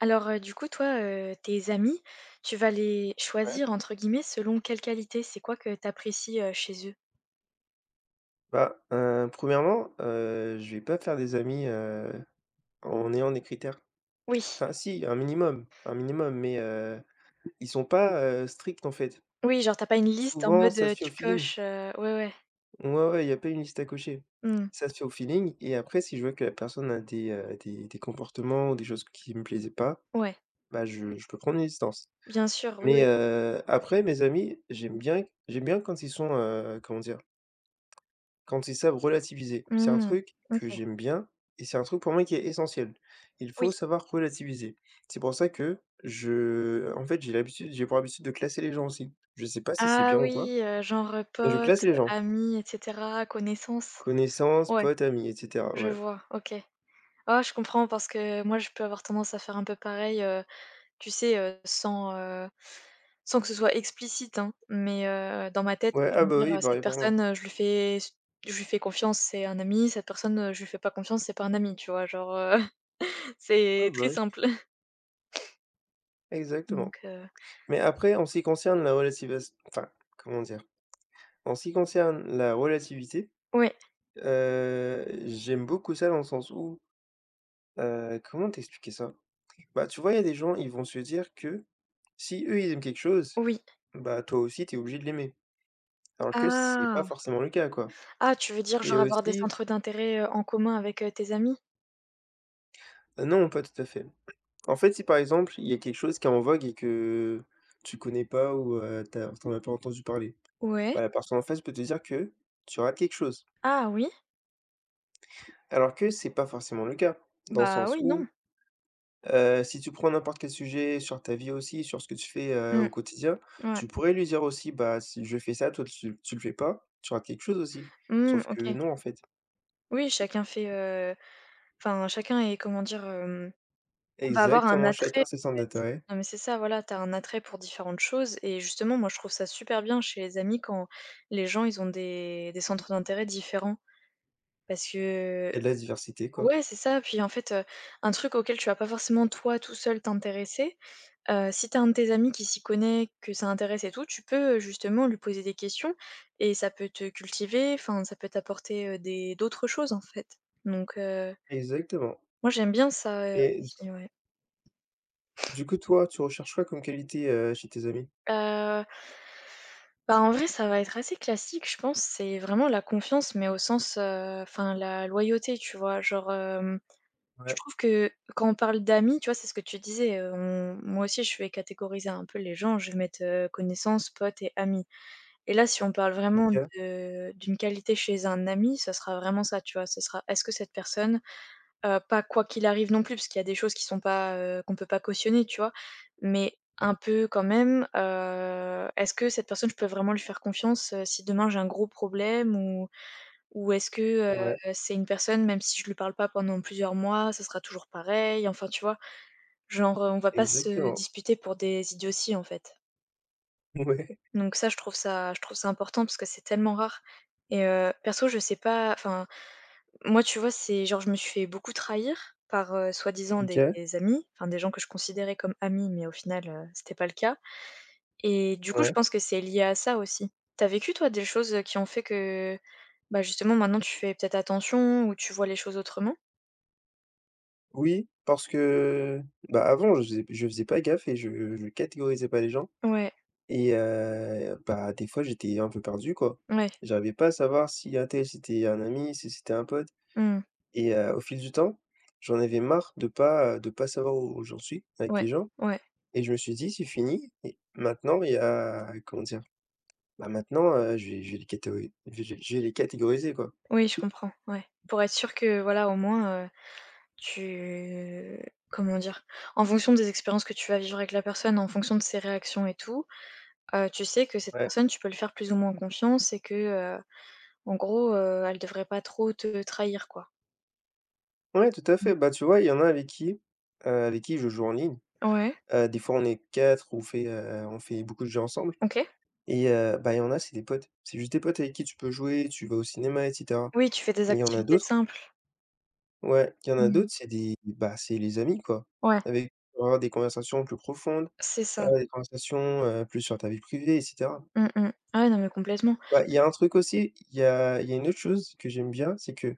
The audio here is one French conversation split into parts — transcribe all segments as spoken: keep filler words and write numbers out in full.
Alors, heu, du coup, toi, heu, tes amis, tu vas les Ouais. «choisir» entre guillemets selon quelle qualité? C'est quoi que tu apprécies, heu, chez eux? Bah, heu, premièrement heu, je vais pas faire des amis, heu, en ayant des critères. Oui. Enfin, si, un minimum un minimum mais, heu, ils sont pas, heu, stricts, en fait. Oui, genre, tu as pas une liste en Souvent, mode, ça se heu, fait au tu feeling. coches, heu ouais, ouais. Ouais, ouais, il y a pas une liste à cocher. Mmh. Ça se fait au feeling et après, si je vois que la personne a des, heu, des des comportements ou des choses qui me plaisaient pas, Ouais. bah, je je peux prendre mes distances. Bien sûr, oui, Mais, oui. heu, après, mes amis, j'aime bien, j'aime bien quand ils sont, heu, comment dire? Quand ils savent relativiser. C'est un Mmh. truc que OK. j'aime bien et c'est un truc pour moi qui est essentiel. Il Oui. faut savoir relativiser. C'est pour ça que je, en fait, j'ai l'habitude j'ai pour habitude de classer les gens, aussi. Je sais pas si c'est Ah bien ou quoi. oui, heu, genre, Mais, je classe potes, les gens amis et cetera, connaissances? connaissances, Ouais. potes, amis et cetera. Je Ouais. vois. OK. Oh je comprends parce que moi, je peux avoir tendance à faire un peu pareil, heu, tu sais, heu, sans, heu, sans que ce soit explicite, hein, mais, heu, dans ma tête, Ouais. oui, je Ah vais me bah, dire: oui, «Heu, cette pareil pour moi. personne, je lui fais se je lui fais confiance, c'est un ami, cette personne, heu, je lui fais pas confiance, c'est pas un ami, tu vois? Genre, heu, Ouais, c'est bah, très oui. simple. Exactement, Donc, heu mais après en ce qui concerne la relativas enfin comment dire? En ce qui concerne la relativité. Ouais. Heu, j'aime beaucoup ça dans le sens où, heu, comment t'expliquer ça? Bah, tu vois, il y a des gens, ils vont se dire que, si eux ils aiment quelque chose, Oui. bah, toi aussi tu es obligé de l'aimer. Alors que c c'est pas Ah! forcément le cas, quoi Ah, tu veux dire et genre avoir des aussi centres d'intérêt, heu, en commun avec, heu, tes amis? Heu, non, pas tout à fait. En fait, si par exemple, il y a quelque chose qui est en vogue et que, tu connais pas, ou, heu, tu as tu en as pas entendu parler, Ouais. bah, la personne en face peut te dire que tu rates quelque chose Ah, oui. alors que c'est pas forcément le cas, dans le Bah, sens oui, non. où, heu, si tu prends n'importe quel sujet sur ta vie aussi, sur ce que tu fais, heu, Mmh. au quotidien, Ouais. tu pourrais lui dire aussi: «Bah, si je fais ça, toi tu tu le fais pas, tu rates quelque chose aussi». Mmh mh. Sauf que OK. non en fait. Oui, chacun fait, heu, enfin chacun est comment dire, hem va avoir un Exactement, attrait en chacun fait. ses centres d'intérêts Non mais c'est ça, voilà, tu as un attrait pour différentes choses et justement moi je trouve ça super bien chez les amis quand les gens ils ont des des centres d'intérêt différents. Parce que et de la diversité, quoi. ouais, c'est ça puis en fait, heu, un truc auquel tu vas pas forcément toi, tout seul, t'intéresser. Heu, si tu as un de tes amis qui s'y connaît, que ça intéresse et tout, tu peux, heu, justement lui poser des questions et ça peut te cultiver, enfin, ça peut t'apporter, heu, des d'autres choses en fait. Donc, heu Exactement. Moi j'aime bien ça, heu, Et d aussi, ouais. Du coup toi, tu recherches quoi comme qualité, heu, chez tes amis? Heu. Bah, en vrai, ça va être assez classique, je pense, c'est vraiment la confiance, mais au sens, heu, enfin la loyauté tu vois? Genre, hem, je Ouais. trouve que quand on parle d'amis, tu vois, c'est ce que tu disais, heu, on moi aussi je vais catégoriser un peu les gens. Je vais mettre, heu, connaissances, potes et amis et là, si on parle vraiment OK. de d'une qualité chez un ami, ça sera vraiment ça tu vois. Ce sera est-ce que cette personne, heu pas quoi qu'il arrive non plus, parce qu'il y a des choses qui sont pas, heu, qu'on peut pas cautionner, tu vois? Mais, Oui. un peu quand même, heu, est-ce que cette personne, je peux vraiment lui faire confiance, heu, si demain j'ai un gros problème? Ou ou est-ce que, C'est heu, vrai. c'est une personne, même si je lui parle pas pendant plusieurs mois, ça sera toujours pareil? Enfin tu vois? Genre, heu, on va pas se Exactement. disputer pour des idioties, en fait. Mouais. Donc ça, je trouve ça je trouve ça important parce que c'est tellement rare et heu, perso je sais pas, enfin, moi tu vois, c'est genre je me suis fait beaucoup trahir par, heu, soi-disant des OK. des amis, enfin, des gens que je considérais comme amis, mais au final, heu, c'était pas le cas et du coup, je Ouais. pense que c'est lié à ça aussi. Tu as vécu, toi, des choses, heu, qui ont fait que bah justement, maintenant tu fais peut-être attention ou tu vois les choses autrement? Oui, parce que bah avant, je faisais p je faisais pas gaffe et je je catégorisais pas les gens Ouais. et heu, bah des fois, j'étais un peu perdu quoi. Mouais. J'arrivais pas à savoir si untel c'était un ami, si c'était un pote Mmh. et heu, au fil du temps, j'en avais marre de pas, heu, de pas savoir où j'en suis avec Ouais, les gens ouais. et je me suis dit: «C'est fini il maintenant il y a» comment dire? Bah maintenant, heu, je vais je vais les catéo ais j'ai je vais les catégoriser quoi». Oui je comprends. Ouais. Pour être sûr que voilà, au moins, heu, tu comment dire? En fonction des expériences que tu vas vivre avec la personne, en fonction de ses réactions et tout, heu, tu sais que cette Ouais. personne, tu peux lui faire plus ou moins confiance et que, heu, en gros, heu, elle devrait pas trop te trahir quoi. Ouais, tout à Mmh. fait. Bah, tu vois, il y en a avec qui, heu, avec qui je joue en ligne. Ouais. Heu, des fois on est quatre, on fait, heu, on fait beaucoup de jeux ensemble OK. et heu, bah, il y en a, c'est des potes, c'est juste des potes avec qui tu peux jouer, tu vas au cinéma et cetera. Oui, tu fais des Mais il y en a activités d'autres simples. Ouais. Il y en a Mmh. d'autres, c'est des, bah, c'est les amis quoi. Ouais. Avec peut avoir des conversations plus profondes, C'est ça. avoir des conversations, heu, plus sur ta vie privée et cetera. Mmh, mmh. Ah ouais non mais complètement. Ouais. Il y a un truc aussi, i il y a il y a une autre chose que j'aime bien, c'est que,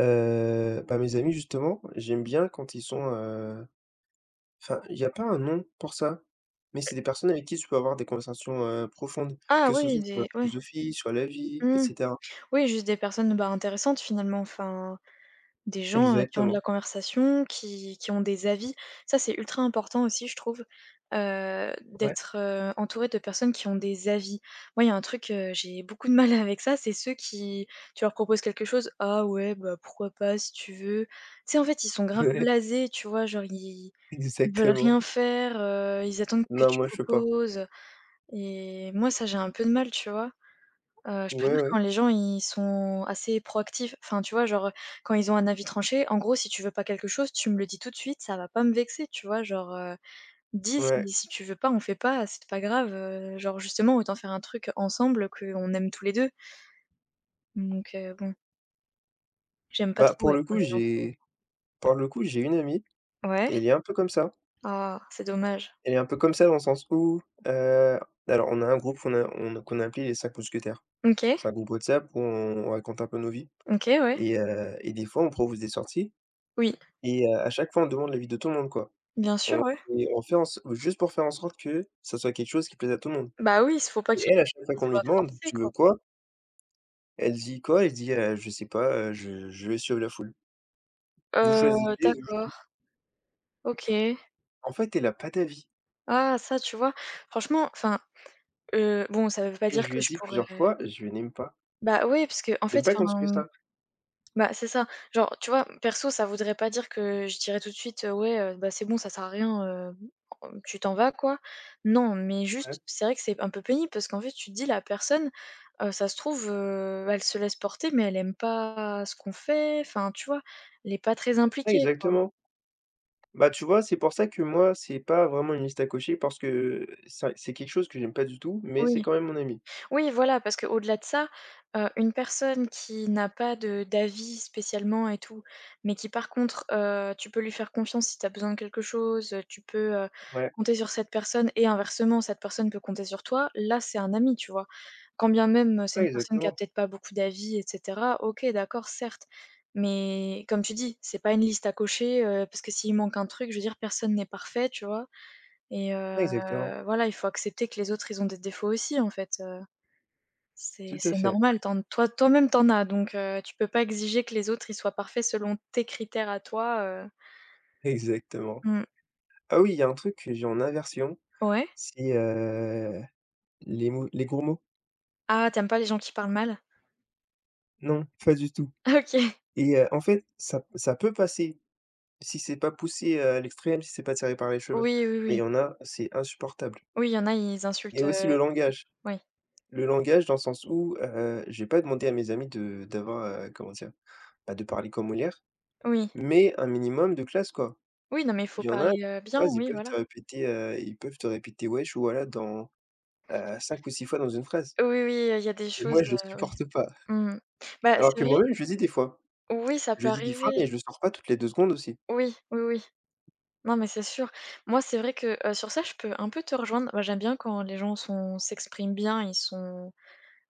heu bah, mes amis justement, j'aime bien quand ils sont, heu enfin, il y a pas un nom pour ça? Mais c'est [unintelligible] des personnes avec qui tu peux avoir des conversations, heu, profondes, Ah que ce oui, soit sur la des ouais. philosophie, sur la vie et Mmh. cetera. Oui, juste des personnes, bah, intéressantes finalement, enfin. Des gens, heu, qui ont de la Exactement. conversation, qui qui ont des avis. Ça, c'est ultra important aussi je trouve, heu, Ouais. d'être, heu, entouré de personnes qui ont des avis. Moi, il y a un truc, heu, j'ai beaucoup de mal avec ça, c'est ceux qui tu leur proposes quelque chose: «Ah ouais bah pourquoi pas? Si tu veux.» Tu sais en fait, ils sont grave Ouais. blasés, tu vois? Genre ils ils veulent Exactement. rien faire, heu, ils attendent que Non, tu moi, je peux pas. proposes, heu et moi ça j'ai un peu de mal, tu vois? Heu, je Ouais préfère ouais. quand les gens ils sont assez proactifs, enfin, tu vois? Genre, heu, quand ils ont un avis tranché, en gros si tu veux pas quelque chose, tu me le dis tout de suite, ça va pas me vexer, tu vois genre, heu. Dis, si Ouais. si tu veux pas, on fait pas, c'est t pas grave, heu. Genre justement autant faire un truc ensemble, heu, qu'on aime tous les deux. Donc, heu, bon. J'aime pas Bah, trop pour ouais, le quand coup, les gens sont j'ai pour le coup, j'ai une amie Ouais. et elle est un peu comme ça Ah, c'est dommage. elle est un peu comme ça dans le sens, où, heu, alors, là on est un groupe fon a on a qu'on a appelé les cinq mousquetaires. OK. C'est un groupe WhatsApp où on raconte un peu nos vies. OK, ouais. Et heu et des fois, on propose des sorties Oui. et heu, à chaque fois, on demande l'avis de tout le monde quoi. Bien sûr, On ouais. et on fait en sor juste pour faire en sorte que, ça soit quelque chose qui plaise à tout le monde Bah oui, il faut pas et qu'ils elle, à chaque fois qu'ils qu'on lui soient demande: forcé «Tu quoi. veux quoi?» Elle dit quoi? Elle dit: «Heu je sais pas, heu, je je vais suivre la foule» «vous choisissez, Heu, je vous suis». D'accord. OK. En fait, elle a pas d'avis. Ah, ça tu vois, franchement, enfin, heu, bon, ça veut pas Et dire je lui que ai je dit plusieurs pourrais fois: «Je n'aime pas» Bah oui, parce que en «j'aime fait, pas quand tu fais enfin. ça». Bah, c'est ça. Genre tu vois, perso, ça voudrait pas dire que je dirais tout de suite: «Ouais, heu, ben, c'est bon, ça sert à rien, heu, tu t'en vas quoi». Non, mais Ouais. juste, c'est vrai que c'est un peu pénible parce qu'en fait tu te dis: «La personne, heu, ça se trouve, heu, elle se laisse porter, mais elle aime pas ce qu'on fait», enfin, tu vois? Elle n'est pas très Oui impliquée quoi. exactement. Bah, tu vois, c'est pour ça que moi, c'est pas vraiment une liste à cocher parce que, heu, ça c'est quelque chose que j'aime pas du tout, mais c'est Oui. quand même mon amie. Oui, voilà parce que au-delà de ça, heu, une personne qui n'a pas de d'avis spécialement et tout, mais qui par contre, heu, tu peux lui faire confiance si tu as besoin de quelque chose, tu peux, heu, Ouais. compter sur cette personne et inversement, cette personne peut compter sur toi, là, c'est un ami, tu vois? Quand bien même, c'est Ouais une personne qui a exactement. peut-être pas beaucoup d'avis et cetera, OK, d'accord, certes, mais, comme tu dis: «C'est pas une liste à cocher», heu, parce que s'il manque un truc je veux dire personne n'est parfait, tu vois? Et Ouais exactement. heu, voilà, il faut accepter que les autres, ils ont des défauts aussi en fait, heu c'est Tout à c'est fait. normal, tu en toi toi-même tu en as donc, heu, tu peux pas exiger que les autres, ils soient parfaits selon tes critères à toi, heu Exactement. Mmh. Ah oui, il y a un truc que j'ai en aversion, Ouais. c'est, heu, les mots les gros mots. Ah, tu aimes pas les gens qui parlent mal? Non, pas du tout OK. et heu, en fait, ça p ça peut passer. Si c'est pas poussé, heu, à l'extrême, si c'est pas tiré par les cheveux. Oui, oui, Mais il oui. y en a, c'est insupportable Oui, il y en a, ils et insultent, aussi heu, mmh. le langage. Oui. Le langage dans le sens où, heu, j'ai pas demandé à mes amis de d'avoir, heu, comment dire? Bah, de parler comme Molière. Oui. Mais un minimum de classe quoi! Oui non, mais faut Il y en a dans parler, heu, une bien, phrase, ils oui peuvent voilà. te répéter, heu, ils peuvent te répéter «wesh» voilà dans, heu, cinq ou six fois dans une phrase Oui oui, heu, il y a il y a des et choses, moi, je heu, oui. supporte pas. Mmh mh. Bah, Alors c'est que vrai. moi-même, je le dis des fois. Oui, ça Je peut le dis des fois, arriver. mais je le sors pas toutes les deux secondes aussi. Oui, oui oui. Non mais c'est sûr. Moi c'est vrai que, heu, sur ça je peux un peu te rejoindre. Moi j'aime bien quand les gens sont s'expriment bien, ils sont,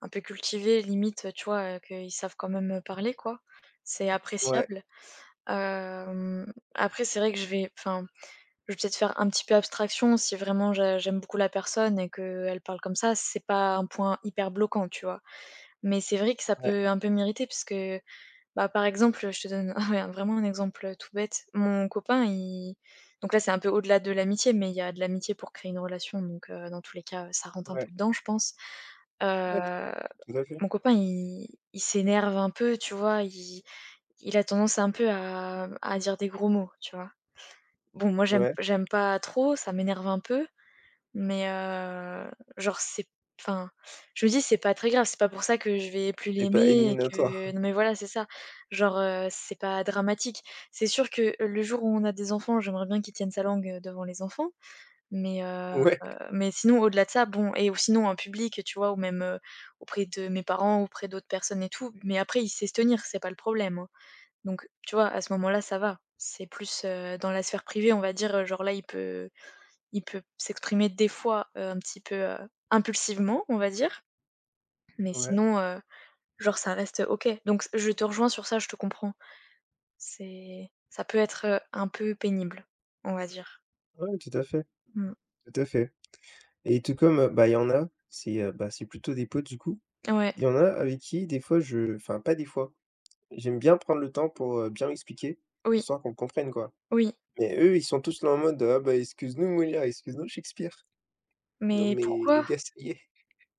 un peu cultivés limite, tu vois, heu, que, ils savent quand même, heu, parler quoi. C'est Ouais. appréciable. Hem, après c'est vrai que je vais enfin, je vais peut-être faire un petit peu abstraction si vraiment j'a j'aime beaucoup la personne et que, elle parle comme ça, c'est pas un point hyper bloquant, tu vois? Mais c'est vrai que ça Ouais. peut un peu m'irriter puisque, bah, par exemple, je te donne un mais vraiment un exemple, heu, tout bête. Mon copain il donc là c'est un peu au-delà de l'amitié, mais il y a de l'amitié pour créer une relation donc, heu, dans tous les cas, heu, ça rentre un Ouais. peu dedans, je pense. Ouais, Heu, [unintelligible] tout à fait. mon copain il il s'énerve un peu tu vois? Il il a tendance un peu à à dire des gros mots, tu vois? Bon, moi j'aime Ouais. j'aime pas trop, ça m'énerve un peu. Mais, heu, genre c'est p enfin, je me dis: «C'est pas très grave, c'est pas pour ça que je vais plus Et pas l'aimer et éliminatoire. que» non mais voilà, c'est ça. Genre, heu, c'est pas dramatique. C'est sûr que, heu, le jour où on a des enfants, j'aimerais bien qu'il tienne sa langue, heu, devant les enfants. Mais, heu, Ouais. heu, mais sinon au-delà de ça, bon et ou sinon en public tu vois? Ou même, heu, auprès de mes parents, auprès d'autres personnes et tout. Mais après il sait se tenir, c'est pas le problème, hein. Donc tu vois? À ce moment-là, ça va. C'est plus, heu, dans la sphère privée, on va dire, heu, genre, là il peut il peut s'exprimer des fois, heu, un petit peu, heu, impulsivement, on va dire. Mais Ouais. sinon, heu, genre ça reste OK. Donc je te rejoins sur ça, je te comprends. C'est, ça peut être, heu, un peu pénible, on va dire. Ouais, tout à fait. Mmh. Tout à fait et tout comme, heu bah il y en a, c'est, heu bah c'est plutôt des potes du coup. Ouais. Il y en a avec qui des fois je enfin, pas des fois. J'aime bien prendre le temps pour, heu, bien m'expliquer, Oui. histoire qu'on comprenne quoi. Oui. Mais eux, ils sont tous là en mode: «Oh bah excuse-nous Molière, excuse-nous Shakespeare». Non, Mais mais les pourquoi? gars, ça y est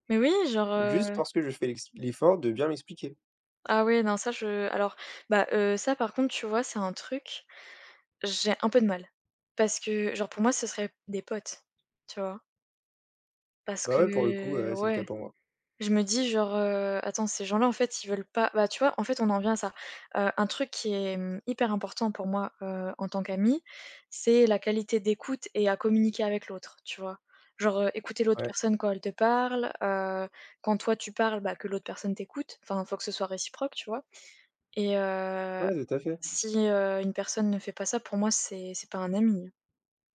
Mais oui, genre juste heu parce que je fais l'ex l'effort de bien m'expliquer. Ah oui non ça je alors bah heu, ça par contre tu vois, c'est un truc j'ai un peu de mal. Parce que genre, pour moi, ce serait p des potes, tu vois? Parce Bah ouais, pour le coup, que heu, c'est le ouais, cas pour moi. je me dis genre: «Heu, attends ces gens -à en fait, ils veulent pas» bah tu vois en fait on en vient à ça, heu un truc qui est, mmh, hyper important pour moi, heu, en tant qu'amie, c'est la qualité d'écoute et à communiquer avec l'autre, tu vois? Genre, heu, écouter l'autre Ouais. personne quand elle te parle, heu, quand toi tu parles bah que l'autre personne t'écoute, enfin, faut que ce soit réciproque, tu vois? Et heu, Ouais, tout à fait. si, heu, une personne ne fait pas ça pour moi, c'est c'est pas un ami.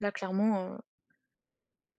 Là clairement, heu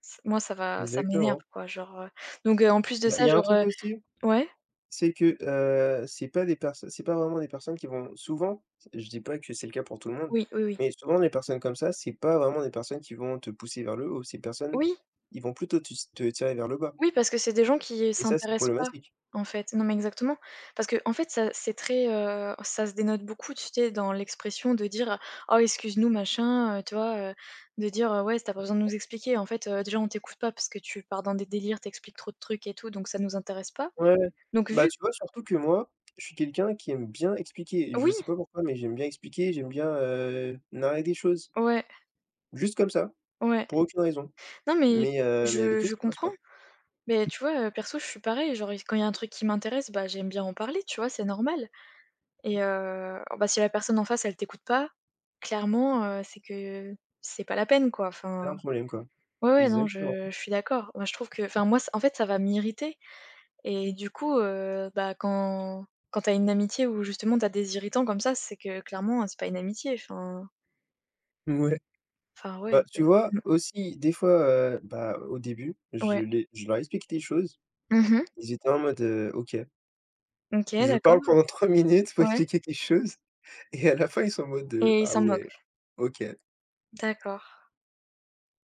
c moi, ça va ça m'énerve Exactement. quoi genre, heu, donc, heu, en plus de Bah ça il y a un genre, truc heu aussi. ouais? C'est que, heu, c'est pas des perso c'est pas vraiment des personnes qui vont souvent, s je dis pas que c'est le cas pour tout le monde, Oui, oui, oui. mais souvent des personnes comme ça, c'est pas vraiment des personnes qui vont te pousser vers le haut. Ces personnes, Oui! ils vont plutôt tus te tirer vers le bas Oui, parce que c'est des gens qui et ça, c'est s'intéressent pas, problématique. en fait. Non, mais exactement. Parce qu'en fait ça, c'est très, heu, ça se dénote beaucoup, tu sais, dans l'expression de dire: «Oh excuse-nous machin», heu, tu vois, heu, de dire, heu: «Ouais, s tu as pas besoin de [unintelligible] nous expliquer en fait, heu, déjà on t'écoute pas parce que tu pars dans des délires, tu expliques trop de trucs et tout donc ça nous intéresse pas», Ouais, ouais. donc Bah vu tu vois, surtout que moi, je suis quelqu'un qui aime bien expliquer et je Oui! sais pas pourquoi, mais j'aime bien expliquer, j'aime bien, heu, narrer des choses. Ouais. Juste comme ça, Ouais. pour aucune raison. Non mais Mais, heu, mais je avec eux, je ça passe comprends. pas. Mais tu vois, heu, perso, je suis pareille, genre il s quand il y a un truc qui m'intéresse, bah j'aime bien en parler, tu vois? C'est normal Ouais. et heu bah si la personne en face, elle t'écoute pas, clairement, heu, c'est que c'est pas la peine quoi. C'est Enfin, un problème quoi. ouais, ouais, non, Exactement. je je suis d'accord. Moi je trouve que, enfin, moi s en fait ça va m'irriter et du coup, heu bah quand quand tu as une amitié où justement tu as des irritants comme ça, c'est que clairement, c'est pas une amitié, enfin Ouais. Enfin Bah, ouais, tu vois le aussi des fois, heu, bah, au début, je Ouais. l'ai je leur explique des choses. Mmh mh. Ils étaient en mode: «heu, OK». OK, Je d'accord. parle pendant trois minutes pour Ouais. expliquer quelque chose. Et à la fin, ils sont en mode: «Heu, Et ils ah s'en ouais, moquent? OK». D'accord.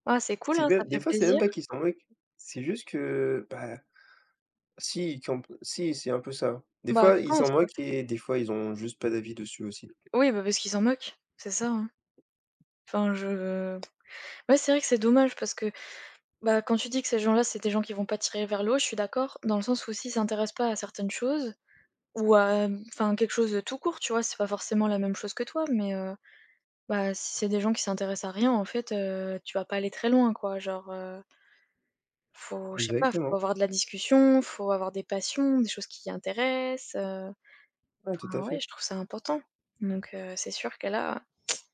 Ah, c'est cool, C'est hein, bien ça des fait fois, c'est même plaisir. pas qu'ils s'en moquent. C'est juste que, bah, s'ils campent si, c'est un peu ça. Des Bah, fois je ils s'en pense, ouais. moquent et des fois ils ont juste pas d'avis dessus aussi. Oui, bah, parce qu'ils s'en moquent. C'est ça, hein. Enfin je Ouais, c'est vrai que c'est dommage parce que, bah, quand tu dis que ces gens-là, c'est des gens qui vont pas tirer vers le haut, je suis d'accord dans le sens où s'ils s'intéressent pas à certaines choses ou, hem, enfin quelque chose de tout court, tu vois? C'est pas forcément la même chose que toi, mais heu, bah, si c'est des gens qui s'intéressent à rien en fait, heu, tu vas pas aller très loin, quoi, genre, heu faut je sais pas, il faut Exactement. avoir de la discussion, faut avoir des passions, des choses qui intéressent, heu. Ouais, tout Enfin à ouais, fait. je trouve ça important. Donc heu, c'est sûr que là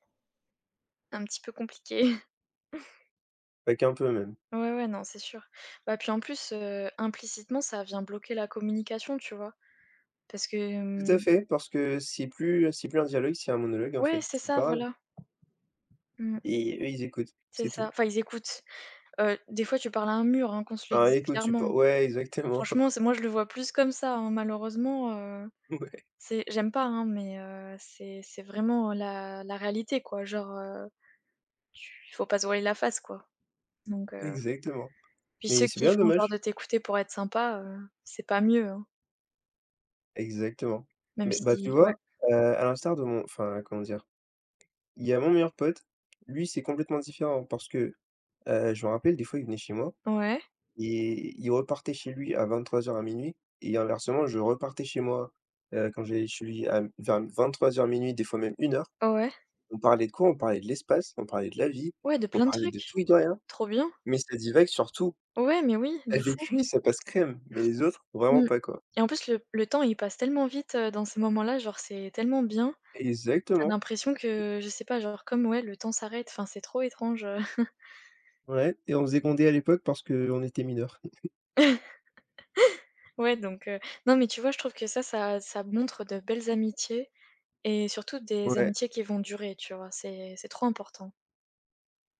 Un petit peu compliqué. Pas qu'un peu même. Ouais, ouais, non, c'est sûr. Bah puis en plus, heu, implicitement ça vient bloquer la communication, tu vois? Parce que, Tout à mmh fait, parce que, c'est plus, heu, c'est plus un dialogue, c'est un monologue en Ouais, fait, c'est tu ça, parles voilà. Mmh. et eux ils écoutent, C'est c'est ça, tout. enfin, ils écoutent, heu, des fois tu parles à un mur hein, qu'on se le Bah dise écoute, tu pou clairement. ouais exactement. Franchement, c'est moi je le vois plus comme ça hein. Malheureusement, heu, Ouais. c'est j'aime pas hein, mais heu, c'est c'est vraiment la la réalité quoi, genre, heu, tu faut pas se voiler la face, quoi, donc heu, Exactement, puis ceux mais c'est qui bien font genre dommage. de t'écouter pour être sympa, heu, c'est pas mieux, hein. Exactement, Même mais bah tu si ouais. vois, heu, à l'instar de mon enfin, comment dire? Il y a mon meilleur pote, lui, c'est complètement différent parce que, heu, je me rappelle des fois, il venait chez moi Ouais. et il repartait chez lui à vingt-trois heures, à minuit et inversement, je repartais chez moi, heu, quand j'allais chez lui à m vers m vingt-trois heures-minuit des fois même une heure. Ouais. On parlait de quoi? On parlait de l'espace, on parlait de la vie, Ouais, de on plein de parlait de trucs. tout et de rien, Trop bien! mais ça divague sur tout. Ouais, mais oui, de Avec fou! lui, ça passe crème, mais les autres, vraiment Mmh pas, quoi. et en plus le le temps il passe tellement vite, heu, dans ces moments là. Genre c'est tellement bien, tu as Exactement. l'impression que je sais pas genre, comme ouais, le temps s'arrête, enfin, c'est trop étrange, heu Ouais et on se faisait gronder à l'époque parce qu'on était mineur. Ouais, donc heu, non mais tu vois je trouve que ça, ça ça montre de belles amitiés et surtout des Ouais. amitiés qui vont durer, tu vois? C'est c'est trop important.